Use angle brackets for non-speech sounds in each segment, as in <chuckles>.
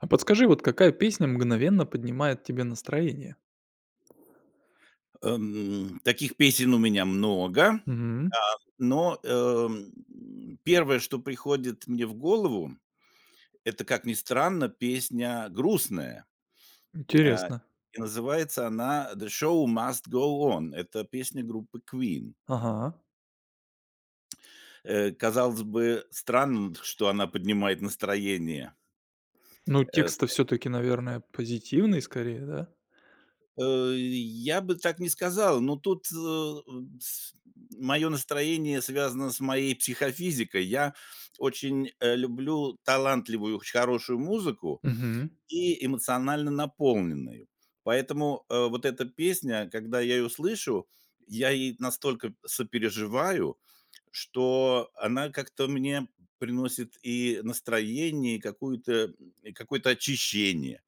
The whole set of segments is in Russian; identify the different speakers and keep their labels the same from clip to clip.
Speaker 1: А подскажи, вот какая песня мгновенно поднимает тебе настроение?
Speaker 2: Эм, таких песен у меня много, а,
Speaker 1: Мгм.
Speaker 2: но, эм, 1, что приходит мне в голову это, как ни странно, песня грустная. Э,
Speaker 1: Интересно.
Speaker 2: и называется она "The Show must go on". Это песня группы Queen.
Speaker 1: Ага.
Speaker 2: Э, казалось бы странным, что она поднимает настроение.
Speaker 1: Ну?
Speaker 2: Э, с,
Speaker 1: Текст-то
Speaker 2: э
Speaker 1: всё-таки наверное позитивный скорее, да?
Speaker 2: А, и я бы так не сказал, но тут, э, с мое настроение связано с моей психофизикой. Я очень, э, люблю талантливую хорошую музыку
Speaker 1: Мгм.
Speaker 2: и эмоционально наполненную, поэтому, э, вот эта песня, когда я ее слышу, я ей настолько сопереживаю, что она как-то мне приносит и настроение, и какую-то, и какое-то очищение,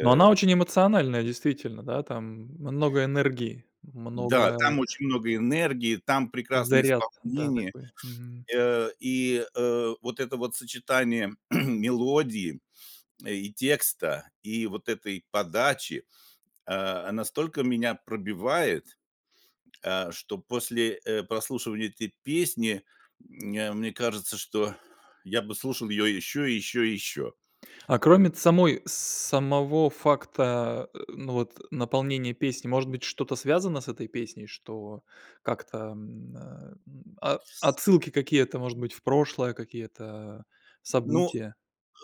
Speaker 1: Но она очень эмоциональная, действительно, да. Там много энергии,
Speaker 2: Да,
Speaker 1: много
Speaker 2: там очень много энергии, там прекрасные
Speaker 1: заряд. Да
Speaker 2: исполнения,
Speaker 1: такой. Мгм.
Speaker 2: э, и, э, вот это вот сочетание <clears throat> мелодии и текста, и вот этой подачи, э, настолько меня пробивает, э, что после, э, прослушивания этой песни, э, мне кажется, что я бы слушал ее еще, еще и еще.
Speaker 1: А кроме самой самого факта, э, ну вот наполнения песни, может быть что-то связано с этой песней, что как-то, м, э, о отсылки какие-то, может быть, в прошлое, какие-то
Speaker 2: Ну,
Speaker 1: события?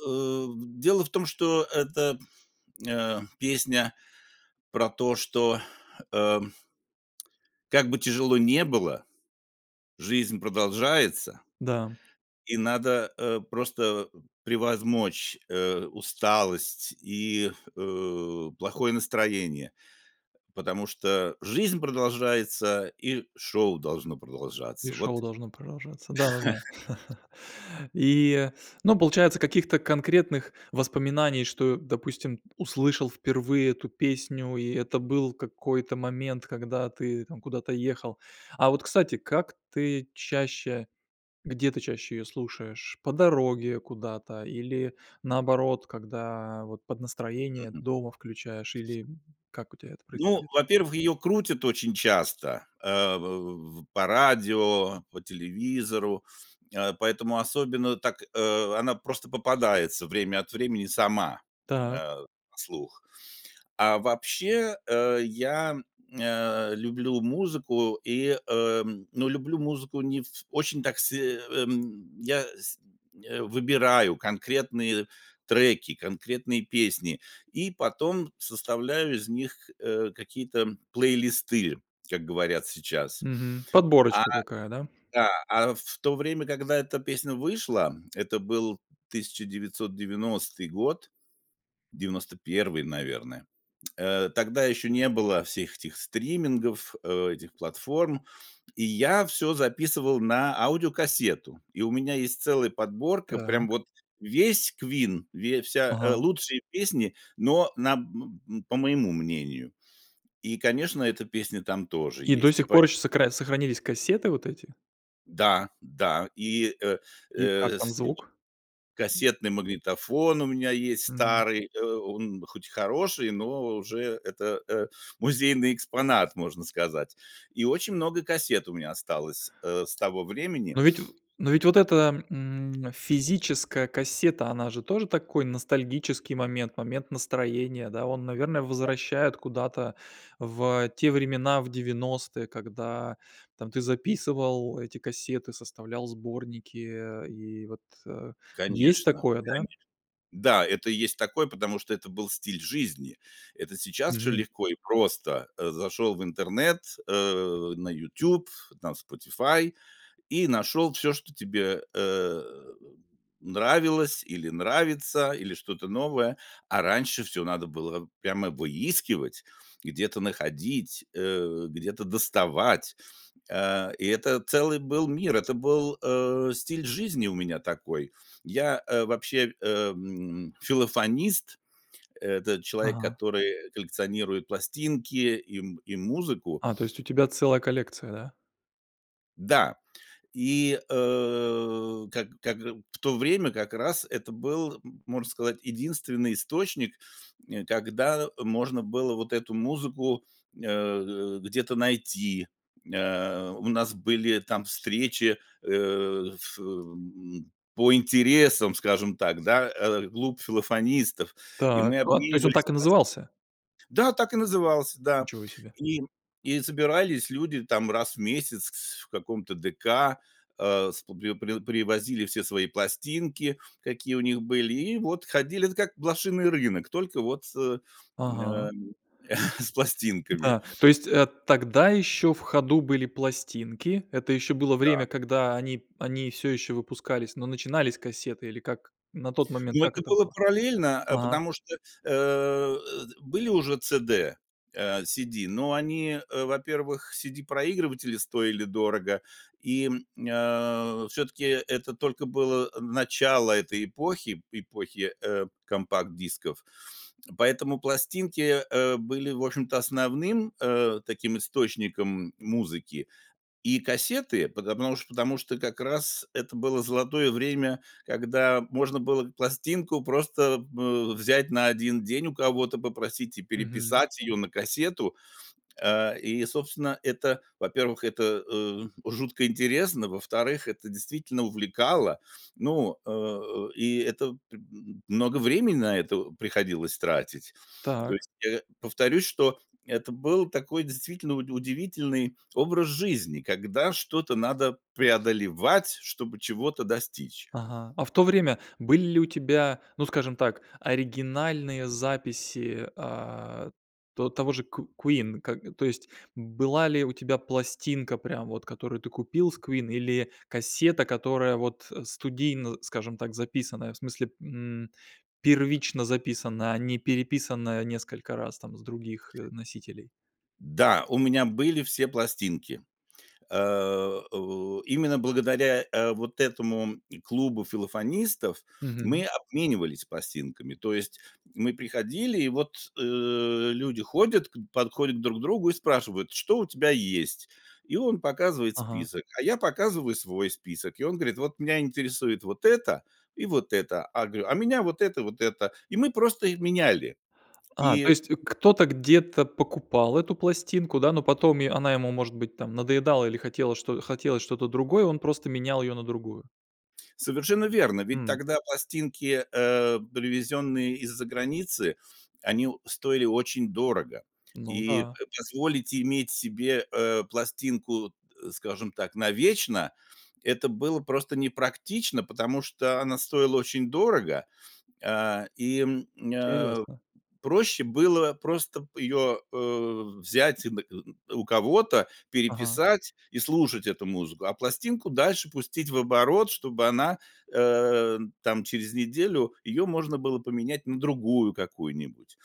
Speaker 2: э, дело в том, что эта, эм, песня про то, что, э, как бы тяжело ни было, жизнь продолжается.
Speaker 1: Да.
Speaker 2: И надо, э, просто превозмочь, э, усталость и, э, плохое настроение, потому что жизнь продолжается, и шоу должно
Speaker 1: И
Speaker 2: продолжаться.
Speaker 1: шоу
Speaker 2: Вот.
Speaker 1: должно продолжаться. Да-да-да. <chuckles>
Speaker 2: <chuckles>
Speaker 1: И, ну получается каких-то конкретных воспоминаний, что, допустим, услышал впервые эту песню, и это был какой-то момент, когда ты там куда-то ехал. А вот, кстати, как ты чаще, где ты чаще её слушаешь? По дороге куда-то, или наоборот, когда вот под настроение
Speaker 2: Мгм.
Speaker 1: дома включаешь, или, м, как у тебя это
Speaker 2: Ну,
Speaker 1: происходит?
Speaker 2: во-первых, ее крутят очень часто, э, в по радио, по телевизору, э, поэтому особенно так, э, она просто попадается время от времени сама, э,
Speaker 1: Так.
Speaker 2: на слух. А вообще, э, я, м, э, люблю музыку, и, э, ну люблю музыку не в очень так се Я сь выбираю конкретные треки, конкретные песни, и потом составляю из них, э, какие-то плейлисты, как говорят сейчас.
Speaker 1: Мгм.
Speaker 2: А,
Speaker 1: Подборочка какая, да?
Speaker 2: да, а в то время, когда эта песня вышла, это был 1990 год, 91, наверное. Э, тогда еще не было всех этих стримингов, э, этих платформ, и я всё записывал на аудиокассету. И у меня есть целая подборка, прям
Speaker 1: Так.
Speaker 2: вот весь Queen, ве вся, э,
Speaker 1: Ага.
Speaker 2: лучшие песни, но на, м, б по моему мнению. И конечно эта песня там тоже
Speaker 1: И до
Speaker 2: есть. И
Speaker 1: сих
Speaker 2: по
Speaker 1: пор
Speaker 2: этому
Speaker 1: еще сокра сохранились кассеты вот эти?
Speaker 2: Да, да и, э,
Speaker 1: И как
Speaker 2: э,
Speaker 1: там
Speaker 2: с
Speaker 1: звук?
Speaker 2: кассетный магнитофон у меня есть
Speaker 1: Мгм.
Speaker 2: старый, э, он хоть и хороший, но уже это, э, музейный экспонат, можно сказать. И очень много кассет у меня осталось, э, с того времени.
Speaker 1: Но ведь в но ведь вот эта, м, физическая кассета, она же тоже такой ностальгический момент, момент настроения, да, он наверное
Speaker 2: <unintelligible>
Speaker 1: возвращает куда-то в те времена, в 90, когда там ты записывал эти кассеты, составлял сборники, и вот, э, есть
Speaker 2: Конечно,
Speaker 1: такое да.
Speaker 2: конечно. Да, это есть такой, потому что это был стиль жизни. Это сейчас всё
Speaker 1: Мгм.
Speaker 2: легко и просто, э, зашел в интернет, э, на "Ютуб", на "Спотифай" и нашел всё, что тебе, э, нравилось, или нравится, или что-то новое, а раньше всё надо было прямо выискивать, где-то находить, э, где-то доставать, а, и это целый был мир, это был, э, стиль жизни у меня такой. Я, э, вообще, м, филофонист, это человек,
Speaker 1: Ага.
Speaker 2: который коллекционирует пластинки и м и музыку.
Speaker 1: А, то есть у тебя целая коллекция, да?
Speaker 2: Да, и, э, как как э в то время как раз это был, можно сказать, единственный источник, э, когда можно было вот эту музыку, э, где-то найти. Э, у нас были там встречи, э, ф м по интересам, скажем так, да. Э. Клуб филофонистов. И
Speaker 1: Так.
Speaker 2: мы
Speaker 1: А, то есть он
Speaker 2: обменивались
Speaker 1: так и
Speaker 2: плас
Speaker 1: назывался?
Speaker 2: Да, так и назывался, да.
Speaker 1: Ничего себе!
Speaker 2: И и собирались люди там раз в месяц в каком-то ДК, а, сп приво привозили все свои пластинки, какие у них были, и вот ходили это как блошиный рынок, только вот с,
Speaker 1: Ага.
Speaker 2: э, <chuckles> с пластинками.
Speaker 1: Да, то есть, э, тогда ещё в ходу были пластинки, это ещё было время,
Speaker 2: Да.
Speaker 1: когда они они всё ещё выпускались, но начинались кассеты или как? На тот момент
Speaker 2: Ну,
Speaker 1: как
Speaker 2: это
Speaker 1: это
Speaker 2: было
Speaker 1: было?
Speaker 2: параллельно, а
Speaker 1: Ага.
Speaker 2: потому что, э, эд были уже CD, э, CD, но они, э, во-первых, CD-проигрыватели стоили дорого и, м, э, всё-таки это только было начало этой эпохи эпохи, э, компакт-дисков. Поэтому пластинки, э, были, в общем-то, основным, э, таким источником музыки и кассеты пото потому что, потому что как раз это было золотое время, когда можно было пластинку просто, э, взять на 1 день у кого-то попросить и
Speaker 1: Мгм.
Speaker 2: переписать её на кассету. Э, и собственно это, во-первых, это, э, жутко интересно, во-вторых, это действительно увлекало, ну, э э, и это пр много времени на это приходилось тратить. То
Speaker 1: Так.
Speaker 2: есть, э, повторюсь, что это был такой действительно уд удивительный образ жизни, когда что-то надо преодолевать, чтобы чего-то достичь.
Speaker 1: Ага, а в то время были ли у тебя, ну скажем так, оригинальные записи, а, то того же ку Queen? Ка то есть была ли у тебя пластинка прям вот, которую ты купил с Queen, или кассета, которая вот студийно, скажем так, записанная, в смысле, м, первично записана, а не переписанная несколько раз там с других, э, носителей?
Speaker 2: Да, у меня были все пластинки, э, о, именно благодаря, э, вот этому клубу филофонистов мы
Speaker 1: Мгм.
Speaker 2: обменивались пластинками, то есть мы приходили и вот, э, люди ходят, подходят к друг другу и спрашивают: "Что у тебя есть?" И он показывает
Speaker 1: Ага.
Speaker 2: список, а я показываю свой список. И он говорит: "Вот меня интересует вот это и вот это." А говорю: "Меня вот это и вот это." И мы просто их меняли
Speaker 1: А, то
Speaker 2: и
Speaker 1: есть кто-то где-то покупал эту пластинку, да, но потом е она ему может быть там надоедала или хотело хотелось что-то другое, он просто менял её на другую.
Speaker 2: Совершенно верно, ведь
Speaker 1: М.
Speaker 2: тогда пластинки, э, привезенные из-за границы, они о стоили очень дорого,
Speaker 1: Ну
Speaker 2: и
Speaker 1: да.
Speaker 2: п позволить иметь себе, э, пластинку, э, скажем так, навечно- это было просто не практично, потому что она стоила очень дорого, а, и, м, а,
Speaker 1: Интересно.
Speaker 2: проще было просто её, э, взять и н к у кого-то,
Speaker 1: Ага.
Speaker 2: переписать и слушать эту музыку, а пластинку дальше пустить в оборот, чтобы она, э, там через неделю её можно было поменять на другую какую-нибудь.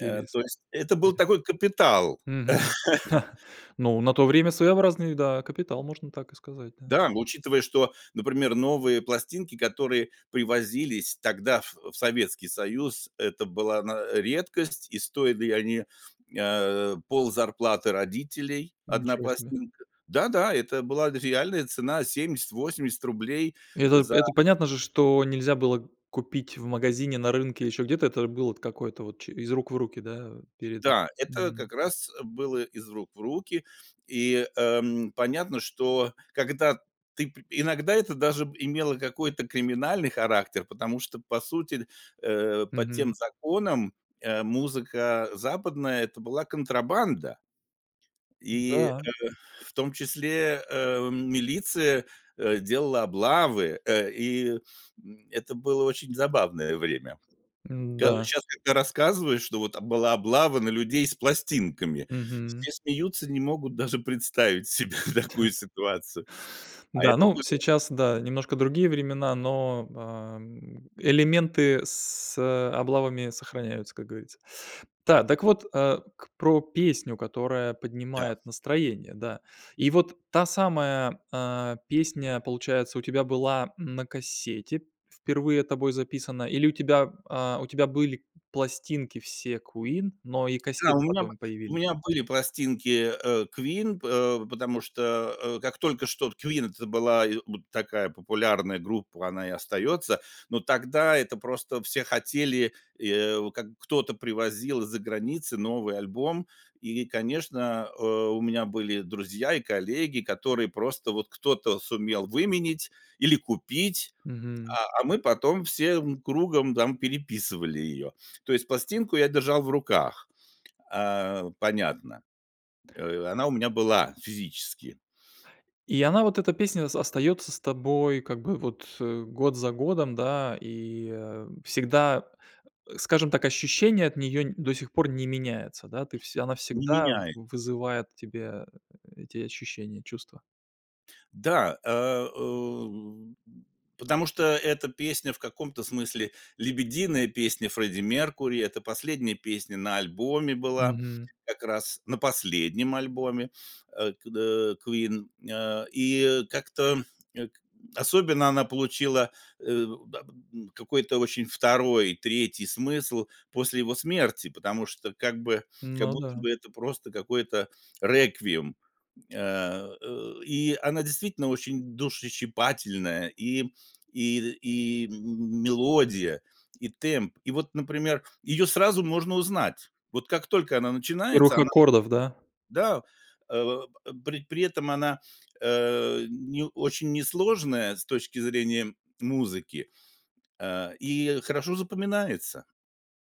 Speaker 2: Э, то есть это был
Speaker 1: <unintelligible>
Speaker 2: такой капитал.
Speaker 1: Мгм.
Speaker 2: <chuckles>
Speaker 1: <chuckles> Но на то время своеобразный, да, капитал, можно так и сказать, да.
Speaker 2: Да, учитывая, что, например, новые пластинки, которые привозились тогда в в Советский Союз, это была на редкость и стоили они, а, ползарплаты родителей 1
Speaker 1: Ничего себе.
Speaker 2: пластинка. Да-да, и это была реальная цена 70-80 рублей
Speaker 1: Это
Speaker 2: за
Speaker 1: это понятно же, что нельзя было купить в магазине, на рынке, ещё где-то. Это было т какое-то вот из ч рук в руки, да,
Speaker 2: И
Speaker 1: перед
Speaker 2: да, это
Speaker 1: Мгм.
Speaker 2: как раз было из рук в руки, и, эм, понятно, что когда ты пр иногда это даже имело какой-то криминальный характер, потому что по сути, э, по
Speaker 1: Мгм.
Speaker 2: тем законам, э, музыка западная- это была контрабанда и, э,
Speaker 1: Да.
Speaker 2: в том числе, э, милиция, э, делала облавы, э, и, м, это было очень забавное время.
Speaker 1: М-да.
Speaker 2: Когда щас, когда рассказываешь, что вот была облава на людей с пластинками,
Speaker 1: Мгм.
Speaker 2: все смеются, не могут даже представить себе такую
Speaker 1: <chuckles>
Speaker 2: ситуацию, а
Speaker 1: Да,
Speaker 2: это
Speaker 1: ну
Speaker 2: было.
Speaker 1: сейчас да, немножко другие времена, но, ам, элементы с, э, облавами сохраняются, как говорится. Да, так вот, э, про песню, которая
Speaker 2: Да.
Speaker 1: поднимает настроение, да. И вот та самая, а, песня получается у тебя была на кассете впервые тобой записана или у тебя, а, у тебя были пластинки все Queen, но и
Speaker 2: Да,
Speaker 1: кассеты
Speaker 2: у меня б
Speaker 1: потом
Speaker 2: у
Speaker 1: появились?
Speaker 2: меня были пластинки, э, Queen, па потому что, э, как только что Queen- это была вот такая популярная группа, она и остается. Но тогда это просто все хотели, и, э, как кто-то привозил из-за границы новый альбом, и конечно, э, у меня были друзья и коллеги, которые просто вот кто-то сумел выменять или купить,
Speaker 1: Мгм.
Speaker 2: а, а мы потом всем кругом там переписывали её. То есть пластинку я держал в руках, а, понятно. Э, она у меня была физически.
Speaker 1: И она, вот эта песня, с остается с тобой как бы вот год за годом, да, и, э, всегда, скажем так, ощущения от неё н до сих пор не меняются, да, ты все она
Speaker 2: Не
Speaker 1: всегда
Speaker 2: меняй.
Speaker 1: вызывает в тебе, э, эти ощущения, чувства.
Speaker 2: Да, э, у, потому что эта песня- в каком-то смысле лебединая песня Фредди Меркьюри, это последняя песня на альбоме была,
Speaker 1: Мгм.
Speaker 2: как раз на последнем альбоме, а, кд Queen, а, и как-то, к особенно она получила, э, да п м, какой-то очень 2, 3 смысл после его смерти, потому что как бы как
Speaker 1: Ну
Speaker 2: будто
Speaker 1: да.
Speaker 2: бы это просто какой-то реквием. А, э, и она действительно очень душещипательная и и и м мелодия, и темп, и вот например, её сразу можно узнать: вот как только она
Speaker 1: С
Speaker 2: начинается
Speaker 1: первых
Speaker 2: она,
Speaker 1: аккордов, да?
Speaker 2: да. Э, при при этом она, э, ни очень несложная с точки зрения музыки, э, и хорошо запоминается.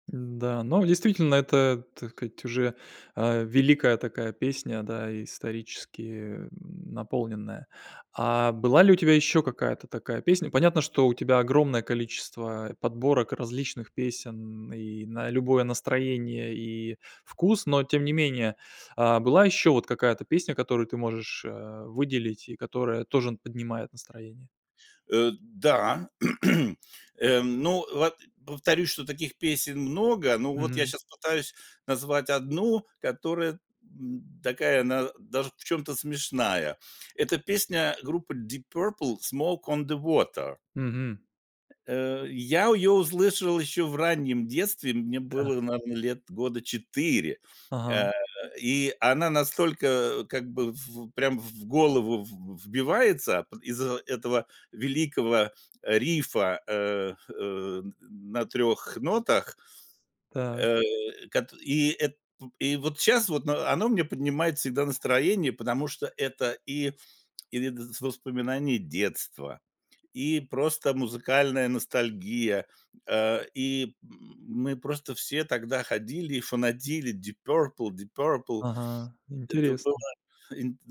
Speaker 1: Н-да, но действительно, это, так сказать, уже, а, великая такая песня, да, исторически, м, наполненная. А была ли у тебя ещё какая-то такая песня? Понятно, что у тебя огромное количество, э, подборок различных песен и на любое настроение, и вкус. Но тем не менее, а, была ещё вот какая-то песня, которую ты можешь, э, выделить, и которая тоже поднимает настроение?
Speaker 2: Э, да, <clears throat> эм, ну вот, э, повторюсь, что таких песен много, но вот я
Speaker 1: Мгм.
Speaker 2: щас пытаюсь назвать одну, которая, м, такая она даже в чем-то смешная. Эта песня группы Deep Purple "Smoke on the Water".
Speaker 1: Мгм.
Speaker 2: Э, я её услышал ещё в раннем детстве, мне
Speaker 1: Так.
Speaker 2: было, наверно, лет года 4,
Speaker 1: Ага.
Speaker 2: а, и она настолько как бы в прям в голову в вбивается па из-за этого великого рифа, э, э, на 3 нотах.
Speaker 1: Так.
Speaker 2: Э, кат и эт п и вот щас вот оно мне поднимает всегда настроение, потому что это и и дз воспоминания детства, и просто музыкальная ностальгия, э, и м мы просто все тогда ходили и фанатели: "Deep Purple, Deep Purple".
Speaker 1: Ага,
Speaker 2: Это было
Speaker 1: интересно.
Speaker 2: инт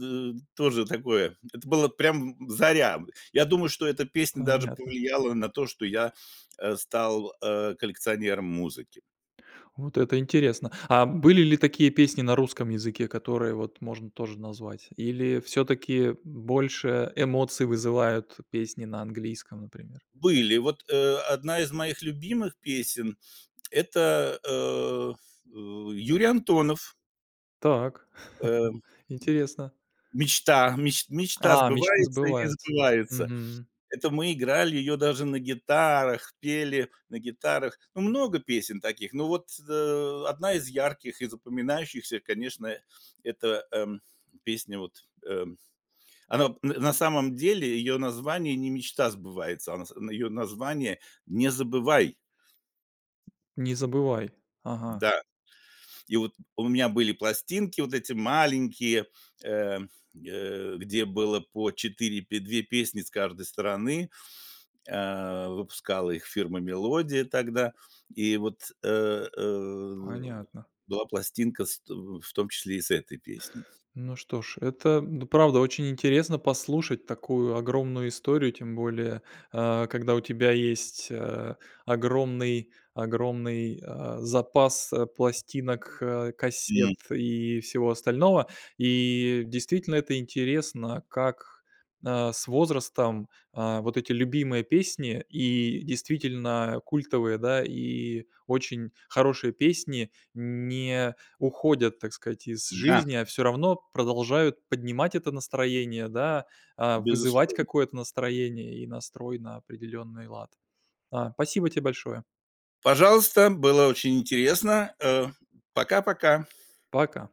Speaker 2: тоже такое, это было прям в заря. Я думаю, что эта песня даже
Speaker 1: Понятно.
Speaker 2: повлияла на то, что я, э, стал, э, коллекционером музыки.
Speaker 1: Вот это интересно! А были ли такие песни на русском языке, которые вот можно тоже назвать? Или всё-таки больше эмоций вызывают песни на английском, например?
Speaker 2: Были. Вот, э, одна из моих любимых песен- это, э, э, Юрий Антонов.
Speaker 1: Так,
Speaker 2: Эм.
Speaker 1: <chuckles> интересно.
Speaker 2: "Мечта, меч мечта
Speaker 1: А, "Мечты
Speaker 2: сбывается и не
Speaker 1: сбываются".
Speaker 2: сбывается".
Speaker 1: Мгм.
Speaker 2: Это мы играли её даже на гитарах, пели на гитарах. Ну, много песен таких, но вот, э, одна из ярких и запоминающихся, конечно, это, эм, песня, вот, эм она об на самом деле её название не "Мечта сбывается", а на с её название "Не забывай".
Speaker 1: "Не забывай", ага.
Speaker 2: Да, и вот у меня были пластинки вот эти маленькие, э, э, где было по 4 пе 2 песни с каждой стороны. Э, выпускала их фирма Мелодия тогда, и вот, э, э,
Speaker 1: Понятно.
Speaker 2: была пластинка с тв в том числе и с этой песней.
Speaker 1: Ну что ж, это д правда очень интересно послушать такую огромную историю, тем более, а, когда у тебя есть, э, огромный огромный, а, запас пластинок,
Speaker 2: М.
Speaker 1: кассет и всего остального. И действительно, это интересно, как, а, с возрастом, а, вот эти любимые песни, и действительно культовые, да, и очень хорошие песни, не уходят, так сказать, из
Speaker 2: Да.
Speaker 1: жизни, а всё равно продолжают поднимать это настроение, да, а, вызывать
Speaker 2: Безусловно.
Speaker 1: какое-то настроение и настрой на определенный лад. А, спасибо тебе большое!
Speaker 2: Пожалуйста, было очень интересно, э. Пока-пока!
Speaker 1: Пока.